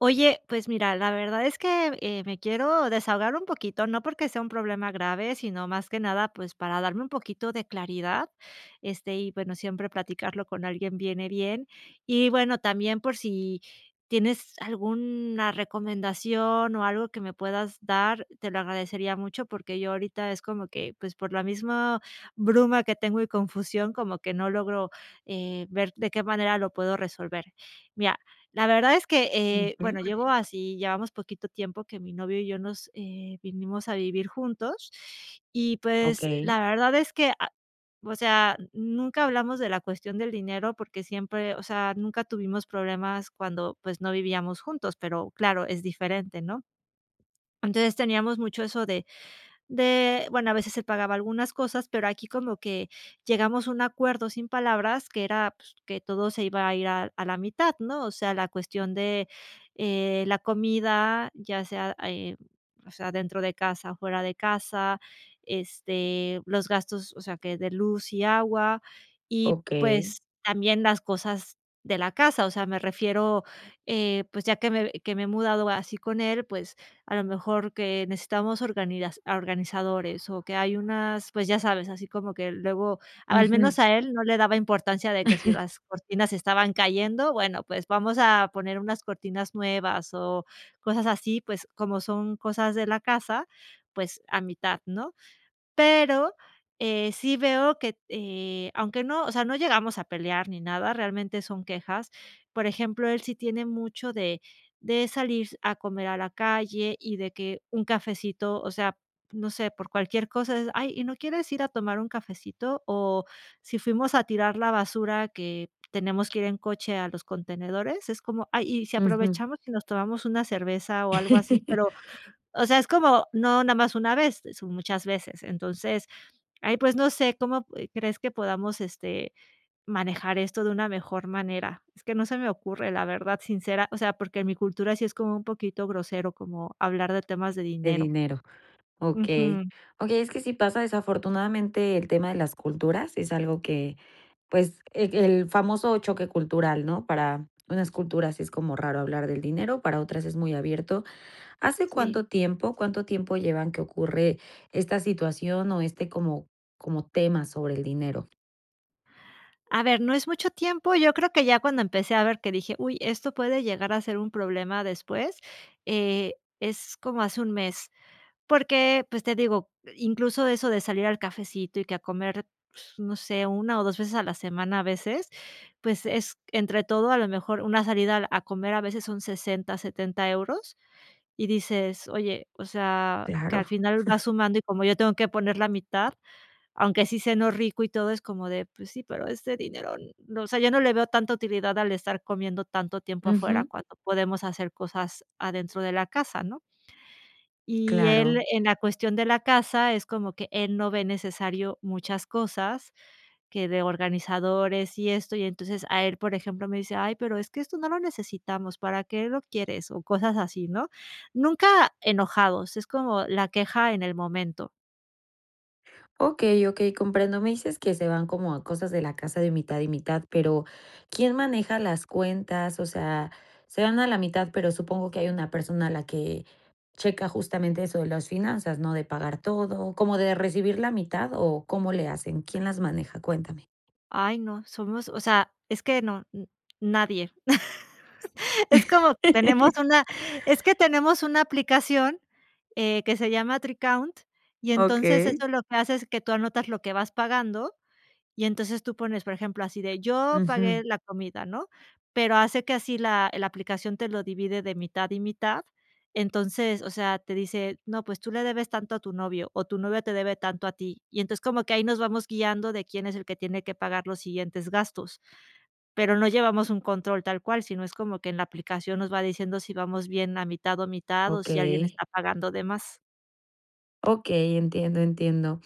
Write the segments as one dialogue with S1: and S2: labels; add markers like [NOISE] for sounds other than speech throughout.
S1: Oye, pues mira, la verdad es que, eh, me quiero desahogar un poquito, no porque sea un problema grave, sino más que nada, pues para darme un poquito de claridad. Este, y bueno, siempre platicarlo con alguien viene bien. Y bueno, también por si, tienes alguna recomendación o algo que me puedas dar, te lo agradecería mucho, porque yo ahorita es como que, pues, por la misma bruma que tengo y confusión, como que no logro, eh, ver de qué manera lo puedo resolver. Mira, la verdad es que, eh,
S2: Ujú.
S1: bueno, llevo así llevamos poquito tiempo que mi novio y yo nos, eh, vinimos a vivir juntos y, pues,
S2: Okey.
S1: la verdad es que, a o sea, nunca hablamos de la cuestión del dinero porque siempre o sea, nunca tuvimos problemas cuando, pues no vivíamos juntos, pero claro, es diferente, ¿no? Entonces teníamos mucho eso de, de bueno, a veces él pagaba algunas cosas, pero aquí como que llegamos a un acuerdo sin palabras que era pues, que todo se iba a ir a a la mitad, ¿no? O sea, la cuestión de, eh, la comida, ya sea, eh, o sea, dentro de casa o fuera de casa. Este, los gastos, o sea que de luz y agua, y
S2: Okey.
S1: pues también las cosas de la casa. O sea, me refiero, eh, pues ya que me que me he mudado así con él, pues a lo mejor que necesitamos organidas organizadores. O que hay unas, pues ya sabes, así como que luego al
S2: Ujú.
S1: menos a él no le daba importancia de que si
S2: [LAUGHS]
S1: las cortinas se estaban cayendo. Bueno, pues vamos a poner unas cortinas nuevas, o cosas así, pues como son cosas de la casa, pues a mitad, ¿no? Pero, eh, sí veo que t eh, aunque no, o sea, no llegamos a pelear ni nada, realmente son quejas. Por ejemplo, él sí tiene mucho de de salir a comer a la calle y de que un cafecito, o sea, no sé, por cualquier cosa es: "Ay, ¿y no quieres ir a tomar un cafecito?" O si fuimos a tirar la basura que tenemos que ir en coche que a los contenedores, es como: "Ay, ¿y si
S2: Ujú.
S1: aprovechamos y nos tomamos una cerveza?, o algo así",
S2: [LAUGHS]
S1: pero, o sea, es como no nada más una vez, son muchas veces. Entonces, ay, pues, no sé, ¿cómo p crees que podamos, este, manejar esto de una mejor manera? Es que no se me ocurre, la verdad, sincera o sea, porque en mi cultura sí es como, un poquito grosero, como hablar de temas de
S2: De
S1: dinero.
S2: dinero. Okey.
S1: Ujú.
S2: Okey, es que sí pasa desafortunadamente, el tema de las culturas es algo que, pues, el, el famoso choque cultural, ¿no? Para unas culturas es como raro hablar del dinero, para otras es muy abierto. ¿Hace
S1: Sí.
S2: cuánto tiempo, cuánto tiempo llevan que ocurre esta situación o este como como tema sobre el dinero?
S1: A ver, no es mucho tiempo, yo creo que ya cuando empecé a ver que dije: "Uy, esto puede llegar a ser un problema después", eh, es como hace un mes. Porque, pues te digo, i incluso eso de salir al cafecito y que a comer, pues no sé, una o 2 veces a la semana a veces, pues es entre todo, a lo mejor una salida al a comer a veces son 60€, 70€ euros y dices: "Oye, o sea", que al
S2: Claro.
S1: final va
S2: [CHUCKLES]
S1: sumando y como yo tengo que poner la mitad, aunque sí ceno rico y todo, es como de: "Pues sí, pero ese dinero", o sea, yo no le veo tanta utilidad al estar comiendo tanto tiempo afuera
S2: Ujú.
S1: cuando podemos hacer cosas adentro de la casa, ¿no? Y él
S2: Claro.
S1: en la cuestión de la casa es como que él no ve necesario muchas cosas, que de organizadores y esto. Y entonces a él, por ejemplo, me dice: "Ay, pero es que esto no lo necesitamos. ¿Para qué lo quieres?", o cosas así, ¿no? Nunca enojados, es como la queja en el momento.
S2: Okey, okey comprendo. Me dices que se van como a cosas de la casa de mitad y mitad pero, ¿quién maneja las cuentas? O sea, se van a la mitad, pero supongo que hay una persona la que, checa justamente eso de las finanzas, ¿no?, de pagar todo, como de recibir la mitad, ¿o cómo le hacen? ¿Quién las maneja? Cuéntame.
S1: Ay, no, somos, o sea, es que no n nadie. [LAUGHS] Es como que tenemos
S2: [LAUGHS]
S1: una es que tenemos una aplicación, eh, que se llama Tricount, y entonces
S2: Okey.
S1: eso lo que hace es que tú anotas lo que vas pagando y entonces tú pones, por ejemplo, así de: "Yo pagué
S2: Ujú.
S1: la comida", ¿no? Pero hace que así la la aplicación te lo divide de mitad y mitad. Entonces, o sea, te dice: "No, pues tú le debes tanto a tu novio. O tu novio te debe tanto a ti". Y entonces como que ahí nos vamos guiando de quién es el que tiene que pagar los siguientes gastos. Pero no llevamos un control tal cual, sino es como que en la aplicación nos va diciendo si vamos bien a mitad o mitad, o si alguien
S2: Okey.
S1: está pagando de más.
S2: Okey, entiendo, entiendo.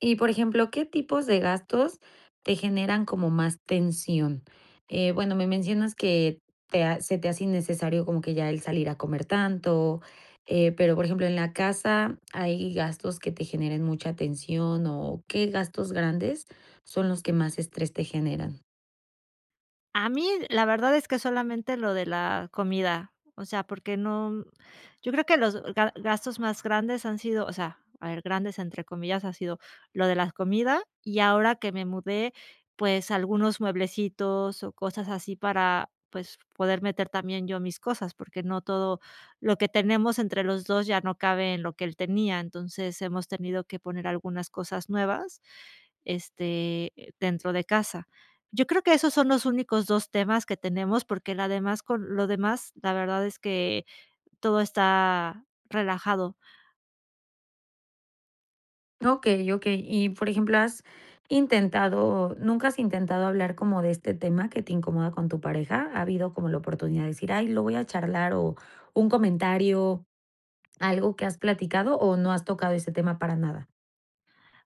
S2: Y por ejemplo, ¿qué tipos de gastos te generan como más tensión? Eh, bueno, me mencionas que te a se te hace innecesario como que ya el salir a comer tanto, eh, pero por ejemplo, en la casa hay gastos que te generen mucha tensión o, ¿qué gastos grandes son los que más estrés te generan?
S1: A mí, la verdad, es que solamente lo de la comida, o sea, porque no yo creo que los ga gastos más grandes han sido o sea, a ver ''grandes'' entre comillas, ha sido lo de la comida. Y ahora que me mudé, pues, algunos mueblecitos o cosas así para, pues, poder meter también yo mis cosas, porque no todo lo que tenemos entre los 2 ya no cabe en lo que él tenía. Entonces, hemos tenido que poner algunas cosas nuevas, este, dentro de casa. Yo creo que esos son los únicos 2 temas que tenemos, porque la demás con lo demás, la verdad, es que todo está relajado.
S2: Okey, okey. Y, por ejemplo, ¿has intentado nunca has intentado hablar como de este tema que te incomoda con tu pareja? ¿Ha habido como la oportunidad de decir?: "Ay, lo voy a charlar, o, un comentario, algo que has platicado, o, ¿no has tocado ese tema para nada?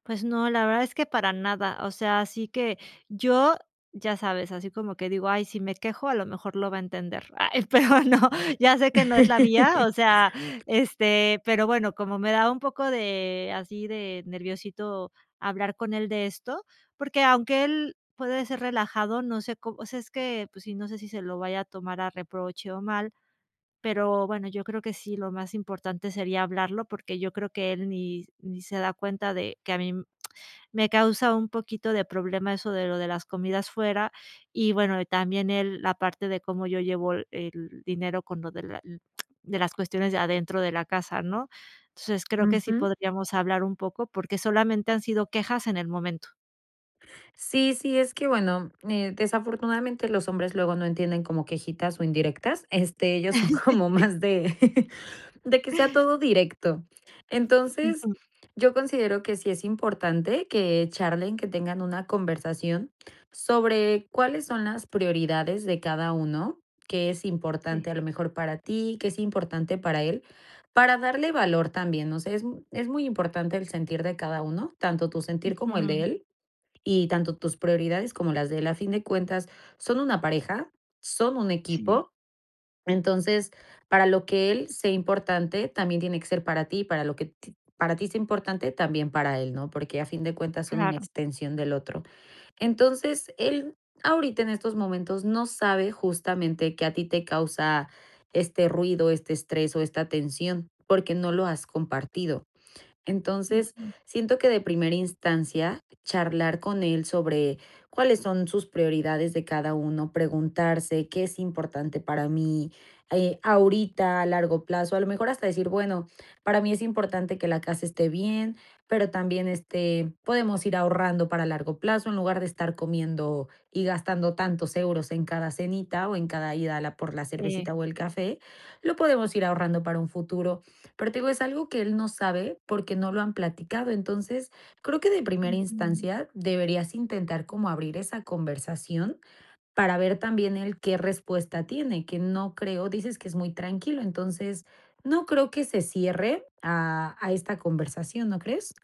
S1: Pues, no, la verdad es que para nada. O sea, así que yo, ya sabes, así como que digo: ''Ay, si me quejo, a lo mejor lo va a entender''. Ay, pero no, ya sé que no es la vía, o sea,
S2: [LAUGHS]
S1: este, pero bueno, como me da un poco de así de nerviosito hablar con él de esto, porque, aunque él puede ser relajado, no sé có o sea, es que, pues sí, no sé si se lo vaya a tomar a reproche o mal. Pero bueno, yo creo que sí, lo más importante sería hablarlo, porque yo creo que él ni ni se da cuenta de que a mí [TSK] me causa un poquito de problema eso de lo de las comidas fuera. Y bueno, también el, la parte de cómo yo llevo el el dinero con lo de la l [TSK] de las cuestiones de adentro de la casa, ¿no? Entonces, creo que sí
S2: Ujú.
S1: podríamos hablar un poco, porque solamente, han sido quejas en el momento.
S2: Sí, sí, es que bueno, eh desafortunadamente, los hombres luego no entienden como quejitas o indirectas. Este, ellos son
S1: [CHUCKLES]
S2: como
S1: Sí.
S2: más de [CHUCKLES] de que sea todo directo. Entonces,
S1: Ujú.
S2: yo considero que sí es importante que charlen, que tengan una conversación sobre cuáles son las prioridades de cada uno, ¿qué es
S1: Sí.
S2: importante a lo mejor para ti? ¿Qué es importante para él?, para darle valor también. O sea, es es muy importante el sentir de cada uno, tanto tu sentir como el de
S1: Ujú.
S2: él, y tanto tus prioridades como las de él. A fin de cuentas, son una pareja, son un
S1: Sí.
S2: equipo. Entonces, para lo que él sea importante, también tiene que ser para ti, para lo que ti para ti sea importante, también para él, ¿no? Porque, a fin de cuentas, son una
S1: Claro.
S2: extensión del otro. Entonces, él ahorita, en estos momentos, no sabe, justamente, que a ti te causa este ruido, este estrés o esta tensión, porque no lo has compartido. Entonces,
S1: Ujú.
S2: siento que de primera instancia, charlar con él sobre cuáles son sus prioridades de cada uno, preguntarse: "¿Qué es importante para mí?", eh ahorita a largo plazo. A lo mejor, hasta decir: "Bueno, para mí es importante que la casa esté bien, pero también, este, podemos ir ahorrando para largo plazo en lugar de estar comiendo y gastando tantos euros en cada cenita o en cada ida a la por la
S1: Sí.
S2: cervecita o el café, lo podemos ir ahorrando para un futuro". Pero, te digo, es algo que él no sabe, porque no lo han platicado. Entonces, creo que, de primera
S1: Ujú.
S2: instancia, deberías intentar como abrir esa conversación para ver también, él qué respuesta tiene, que no creo, dices que es muy tranquilo, entonces, no creo que se cierre a a esta conversación, ¿no crees?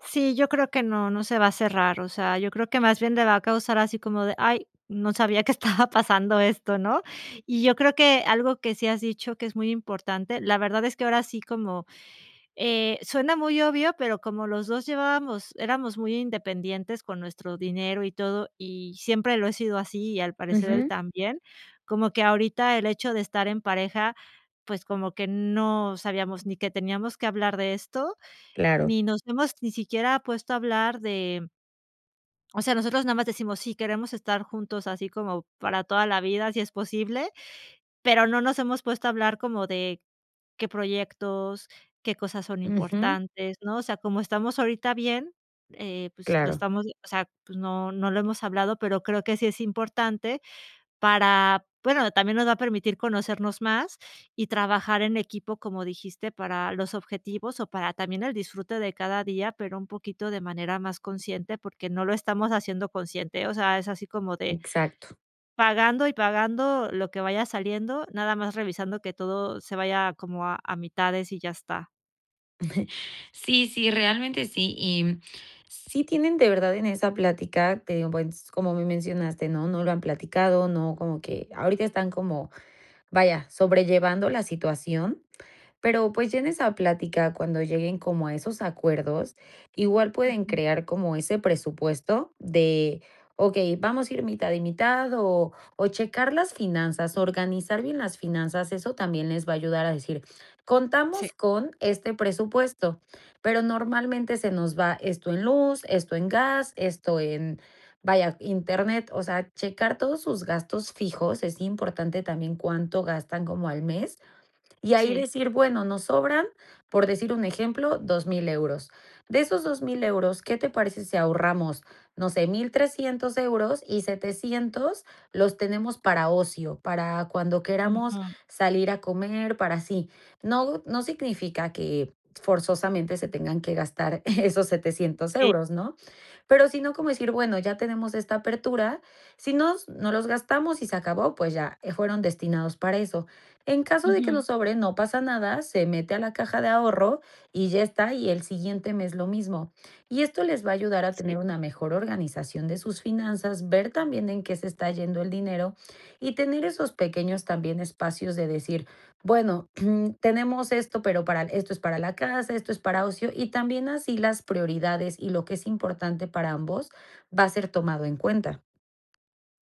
S1: Sí, yo creo que no. No se va a cerrar, o sea, yo creo que más bien le va a causar así como de: "Ay, no sabía que estaba pasando esto.", ¿no? Y yo creo que algo que sí has dicho que es muy importante, la verdad es que ahora sí como, eh, suena muy obvio, pero como los 2 llevábamos éramos muy independientes con nuestro dinero y todo, y siempre lo he sido así y al parecer él
S2: Ujú.
S1: también, como que ahorita el hecho de estar en pareja, pues como que no sabíamos ni que teníamos que hablar de esto,
S2: Claro.
S1: ni nos hemos ni siquiera puesto a hablar de o sea, nosotros nada más decimos: "Sí, queremos estar juntos así como para toda la vida, si es posible", pero no nos hemos puesto a hablar como de, qué proyectos, qué cosas son
S2: Ujú.
S1: importantes, ¿no? O sea, como estamos ahorita bien, eh, pues lo
S2: Claro.
S1: estamos o sea, pues no, no lo hemos hablado, pero creo que sí es importante para bueno, también nos va a permitir conocernos más y trabajar en equipo, como dijiste, para los objetivos o para también el disfrute de cada día, pero un poquito de manera más consciente, porque no lo estamos haciendo consciente. O sea, es así como de
S2: Exacto.
S1: pagando y pagando lo que vaya saliendo, nada más revisando que todo se vaya como a a mitades y ya está.
S2: [CHUCKLES] Sí, sí, realmente sí y sí tienen de verdad en esa plática, te digo, pues como me mencionaste ¿no? No lo han platicado, no como que ahorita están como, vaya, sobrellevando la situación, pero pues ya en esa plática cuando lleguen como a esos acuerdos, igual pueden
S1: Ujú.
S2: crear como ese presupuesto de: "Okey, vamos a ir mitad y mitad". O, o checar las finanzas, organizar bien las finanzas, eso también les va a ayudar a decir:
S1: Sí.
S2: "Contamos con este presupuesto, pero normalmente se nos va esto en luz, esto en gas, esto en, vaya, Internet". O sea, checar todos sus gastos fijos, es importante también cuánto gastan como al mes, y ahí
S1: Sí.
S2: decir: "Bueno, nos sobran". Por decir un ejemplo: "€2000 euros. De esos €2000 euros, ¿qué te parece si ahorramos, no sé, €1300 euros y 700 los tenemos para ocio, para cuando queramos
S1: Ujú.
S2: salir a comer, para así". No, no significa que forzosamente se tengan que gastar esos €700
S1: Sí.
S2: euros, ¿no? Pero si no como decir: "Bueno, ya tenemos esta apertura, si nos no los gastamos y se acabó, pues ya, eh, fueron destinados para eso. En caso de que
S1: Ujú.
S2: nos sobre, no pasa nada, se mete a la caja de ahorro y ya está, y el siguiente mes lo mismo". Y esto les va a ayudar a
S1: Sí.
S2: tener una mejor organización de sus finanzas, ver también en qué se está yendo el dinero y tener esos pequeños también espacios de decir: "Bueno, [CLEARS THROAT] tenemos esto, pero para esto es para la casa, esto es para ocio". Y también así las prioridades y lo que es importante para ambos va a ser tomado en cuenta.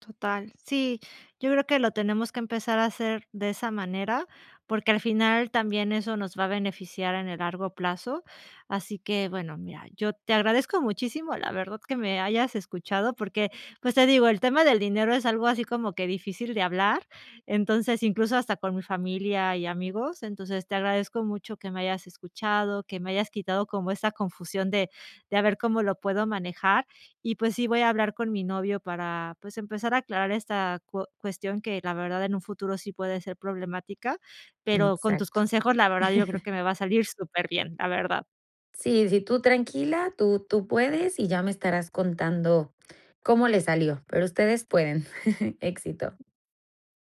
S1: Total. Sí, yo creo que lo tenemos que empezar a hacer de esa manera, porque al final también eso nos va a beneficiar en el largo plazo. Así que, bueno, mira, yo te agradezco muchísimo, la verdad que me hayas escuchado porque, pues, te digo, el tema del dinero es algo así como que difícil de hablar. Entonces, incluso hasta con mi familia y amigos. Entonces te agradezco mucho que me hayas escuchado, que me hayas quitado como esa confusión de, de a ver cómo lo puedo manejar y, pues sí, voy a hablar con mi novio para, pues empezar a aclarar esta cuo cuestión que la verdad en un futuro sí puede ser problemática, pero con tus
S2: Exacto.
S1: consejos la verdad yo creo
S2: [CHUCKLES]
S1: que me va a salir superbién, la verdad.
S2: Sí, sí, tú tranquila, tú tú puedes y ya me estarás contando cómo le salió, pero ustedes pueden. [CHUCKLES] Éxito.